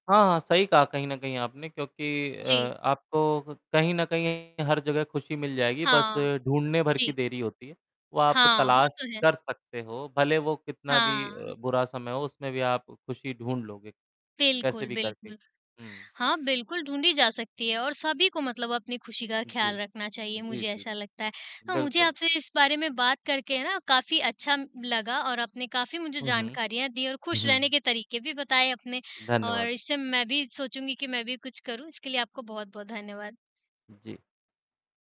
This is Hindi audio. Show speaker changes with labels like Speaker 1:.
Speaker 1: हाँ, हाँ, सही कहा कहीं न कहीं आपने क्योंकि अ,
Speaker 2: जी।
Speaker 1: आपको कहीं न कहीं हर जगह खुशी मिल जाएगी बस
Speaker 2: हाँ।
Speaker 1: ढूँढने भर की
Speaker 2: जी।
Speaker 1: देरी होती है। वो आप
Speaker 2: हाँ, वो
Speaker 1: तलाश
Speaker 2: तो है।
Speaker 1: कर सकते हो भले वो कितना भी अ,
Speaker 2: हाँ।
Speaker 1: बुरा समय हो उसमें भी आप खुशी ढूँढ लोगे। कैसे
Speaker 2: बिल्कुल,
Speaker 1: भी करके।
Speaker 2: बिल्कुल।
Speaker 1: हुँ।
Speaker 2: हाँ, बिल्कुल ढूँढी जा सकती है और सभी को मतलब अपनी खुशी का
Speaker 1: हुँ, जी।
Speaker 2: ख़्याल रखना चाहिए
Speaker 1: जी,
Speaker 2: मुझे
Speaker 1: जी,
Speaker 2: ऐसा
Speaker 1: जी।
Speaker 2: लगता है। अ, मुझे
Speaker 1: बिल्कुल।
Speaker 2: आपसे इस बारे में बात करके है ना काफ़ी अच्छा म लगा और आपने काफ़ी मुझे
Speaker 1: हुँ, हुँ।
Speaker 2: जानकारियाँ दी और
Speaker 1: हुँ,
Speaker 2: खुश रहने
Speaker 1: हुँ।
Speaker 2: के तरीक़े भी बताए अपने, और
Speaker 1: धन्यवाद।
Speaker 2: इससे मैं भी सोचूँगी कि मैं भी कुछ करूँ इसके लिए आपको बहुत-बहुत धन्यवाद।
Speaker 1: उ, जी।